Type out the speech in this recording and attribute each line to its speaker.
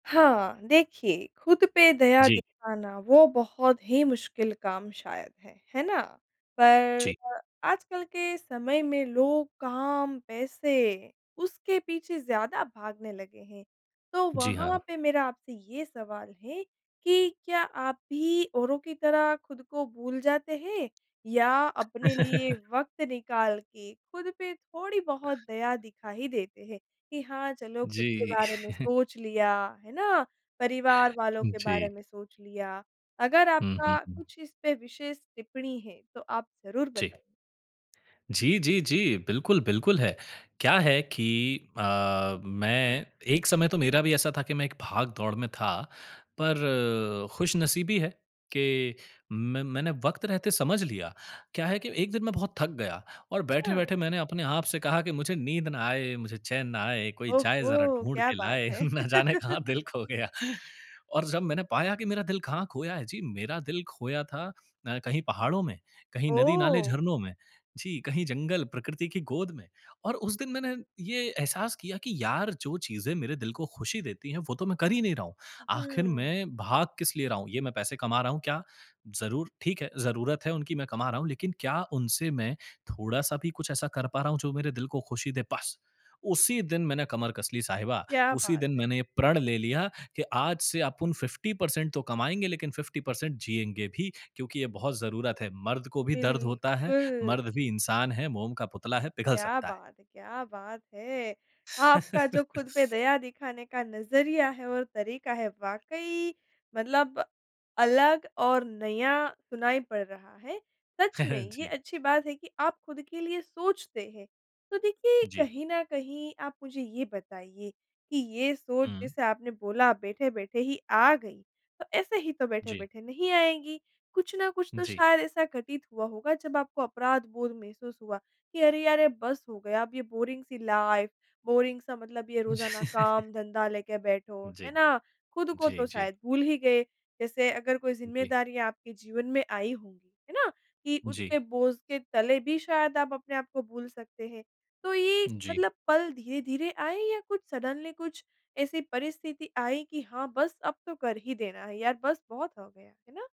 Speaker 1: हाँ, देखिए खुद पे दया
Speaker 2: जी।
Speaker 1: दिखाना वो बहुत ही मुश्किल काम शायद है। है ना? पर
Speaker 2: जी।
Speaker 1: अ, आजकल के समय में लोग काम, पैसे, उसके पीछे ज़्यादा भागने लगे हैं। तो
Speaker 2: जी,
Speaker 1: वहाँ
Speaker 2: हाँ।
Speaker 1: पे मेरा आपसे ये सवाल है, कि क्या आप भी औरों की तरह खुद को भूल जाते हैं, या अपने लिए वक़्त निकाल के खुद पे थोड़ी बहुत दया दिखा ही देते हैं कि हाँ, चलो खुद के
Speaker 2: जी।
Speaker 1: बारे में सोच लिया, है ना? परिवार वालों के बारे
Speaker 2: जी।
Speaker 1: में सोच लिया। अगर
Speaker 2: हुँ, हुँ,
Speaker 1: आपका
Speaker 2: हुँ।
Speaker 1: कुछ इस पे विशेष टिप्पणी है, तो आप ज़रूर
Speaker 2: जी।
Speaker 1: बताइए?
Speaker 2: जी, जी, जी। बिल्कुल, बिल्कुल है। क्या है कि अ, मैं एक समय तो मेरा भी ऐसा था कि मैं एक भाग दौड़ में था। पर, खुशनसीबी है कि में मैंने वक़्त रहते समझ लिया। क्या है कि 1 दिन मैं बहुत थक गया, और बैठे-बैठे
Speaker 1: अच्छा।
Speaker 2: मैंने अपने आप से कहा कि, "मुझे नींद ना आए, मुझे चैन ना आए, कोई जाए ज़रा
Speaker 1: ओहो,
Speaker 2: ढूँढ
Speaker 1: क्या
Speaker 2: के
Speaker 1: बात
Speaker 2: लाए
Speaker 1: है।
Speaker 2: ना जाने कहाँ दिल खो गया।" और जब मैंने पाया कि मेरा दिल कहाँ खोया है जी मेरा दिल खोया था अ, कहीं पहाड़ों में, कहीं नदी नाले
Speaker 1: ओह।
Speaker 2: झरनों में, जी कहीं जंगल, प्रकृति की गोद में और उस दिन मैंने, ये एहसास किया कि यार जो चीज़ें मेरे दिल को खुशी देती है वो तो मैं कर ही नहीं रहा हूँ। आखिर
Speaker 1: हुँ।
Speaker 2: मैं भाग किस लिए रहा हूँ, ये मैं पैसे कमा रहा हूँ क्या, ज़रूर ठीक है ज़रूरत है उनकी मैं कमा रहा हूँ, लेकिन क्या उनसे मैं थोड़ा-सा भी कुछ ऐसा कर पा रहा हूँ जो मेरे दिल को खुशी दे? बस उसी दिन मैंने कमर कस ली साहिबा,
Speaker 1: क्या
Speaker 2: उसी
Speaker 1: बात
Speaker 2: दिन
Speaker 1: है।
Speaker 2: मैंने ये प्रण ले लिया कि आज से अपुन 50% तो कमाएँगे लेकिन 50% जिएँगे भी, क्योंकि ये बहुत ज़रूरत है। मर्द को भी दर्द होता है,
Speaker 1: बिल्कुल।
Speaker 2: मर्द भी इंसान है, मोम का पुतला है, पिघल
Speaker 1: क्या
Speaker 2: सकता है।
Speaker 1: बात है! क्या बात है। आपका जो खुद पे दया दिखाने का नज़रिया है और तरीका है वाक़ई मतलब, अलग और नया सुनाई पड़ रहा है। सच में ये
Speaker 2: जी।
Speaker 1: अच्छी बात है कि आप खुद के लिए सोचते हैं। तो देखिए,
Speaker 2: जी।
Speaker 1: कहीं ना कहीं आप मुझे ये बताइए, कि ये सोच
Speaker 2: हुँ।
Speaker 1: जैसे आपने बोला बैठे-बैठे ही आ गई, तो ऐसे ही तो
Speaker 2: जी।
Speaker 1: बैठे-बैठे नहीं आएगी, कुछ ना कुछ तो
Speaker 2: जी।
Speaker 1: शायद ऐसा घटित हुआ होगा जब आपको अपराध बोध महसूस हुआ, कि अरे यार ये बस हो गया अब ये बोरिंग सी लाइफ़, बोरिंग सा मतलब ये रोजाना काम-धंधा लेके बैठो हो, है
Speaker 2: जी।
Speaker 1: ना, खुद को
Speaker 2: जी,
Speaker 1: तो
Speaker 2: जी।
Speaker 1: शायद भूल ही गए। जैसे अगर कोई
Speaker 2: जी।
Speaker 1: ज़िम्मेदारियाँ आपके जीवन में आई होगी, है ना? कि
Speaker 2: जी।
Speaker 1: उसके बोझ के तले भी शायद आप अपने आपको भूल सकते हैं। तो ये
Speaker 2: जी।
Speaker 1: मतलब पल धीरे-धीरे आए या कुछ सडनली कुछ ऐसी परिस्थिति आई कि हाँ बस अब तो कर ही देना है, यार बस बहुत हो गया, है ना।